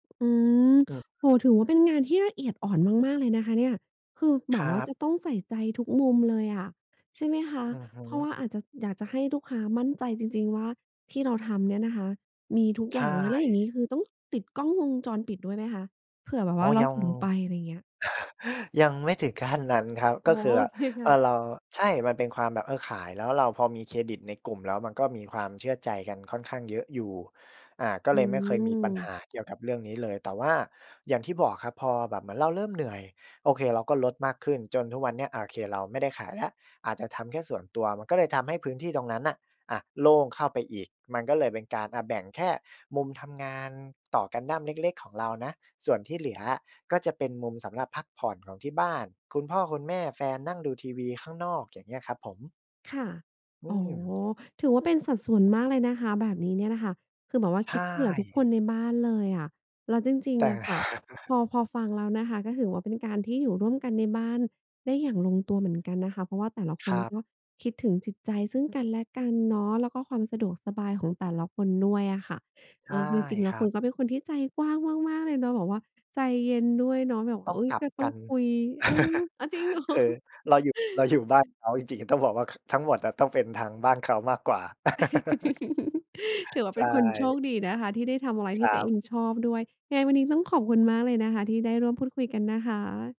อืม ครับ โอ้โฮ ถือว่า เป็นงานที่ละเอียดอ่อนมาก ๆ เลยนะคะเนี่ย คือแบครบวั่าจบ ะต้องใส่ใจทุกมุมเลยอะ ใช่ไหมคะ อือฮึ เพราะว่าอาจจะ อยากจะให้ลูกค้ามั่นใจจริง ๆ ว่า ที่เราทำเนี่ยนะคะมีทุกใอชย่าง ง อะ แล้วอย่างงี้่ คือต้องติดกล้องวงจรปิดด้วยไหมคะ? เผื่อแบบอว๋่อ าเรายอสง ่งไป ไรเงี้ย ยังไม่ถึงขั้นนั้นครับ อ๋ก็อ คืโอออะ เคคเ่อะ อ เรา ใช่ มันเป็นความแบบ เออ ขายแล้วเราพอมีเครดิตในกลุ่ม แล้วมันก็มีความเชื่อใจกันค่อนข้างเยอะอยู่ อ่า ก็อืเลยไม่เคยมีปัญหม าเกี่ยวกับเรื่องนี้เลย แต่ว่า อย่างที่บอกครับ พอแบบเหมือนเราเริ่มเหนื่อย โอเค เราก็ลดมากขึ้น จนทุกวันเนี้ย โอเค เราไม่ได้ขายแล้ว อาจจะทำแค่ส่วนตัว มันก็เลยทำให้พื้นที่ตรงนั้นน่ะ อะ โล่งเข้าไปอีก มันก็เลยเป็นการ อะ แบ่งแค่มุมทำงานต่อกันดั้มเล็ก ๆ ของเรานะ ส่วนที่เหลืออะ ก็จะเป็นมุมสำหรับพักผ่อนของที่บ้าน คุณพ่อ คุณแม่ แฟน นั่งดูทีวีข้างนอก อย่างเงี้ยครับผม ค่ะ อือ๋อ ม ถือว่าเป็นสัดส่วนมากเลยนะคะ แบบนี้เนี่ยน่ะค่ะ คือแบบว่าใชคิดเผื่อทุกค่ นในบ้านเลยอะ แล้วจริแง ตๆ อ่ ะค่ะ พอ พอฟังแล้วนะคะ ก็ถือว่าเป็นการที่อยู่ร่วมกันในบ้านได้อย่างลงตัวเหมือนกันนะคะ เพราะว่าแต่ละคครนับ ก็คิดถึงจิตใจซึ่งกันและกันเนาะ แล้วก็ความสะดวกสบายของแต่ละคนด้วยอะค่ะ ใเชอ่อ คือจริงแลค้วรัคุณบ ก็เป็นคนที่ใจกว้างมาก ๆ เลยเนาะ แบบว่าใจเย็นด้วยเนาะ แบบว่ตา ้องอุ๊ย! กลักบ็ตก้อังน คุย เออ อะ จริง เหรอ? คือเราอยู่ เราอยู่บ้านเขา จริง ๆ อะต้องบอกว่า ค ทั้งหมดอะต้องเป็นทางบ้านเขามากกว่า ถือว่าใชเป็นคนโช่ คดีนะคะ ที่ได้ทำอะไรคที่รตััวเอบ งชอบด้วย ไงวันนี้ต้องขอบคุณมากเลยนะคะ ที่ได้ร่วมพูดคุยกันนะคะ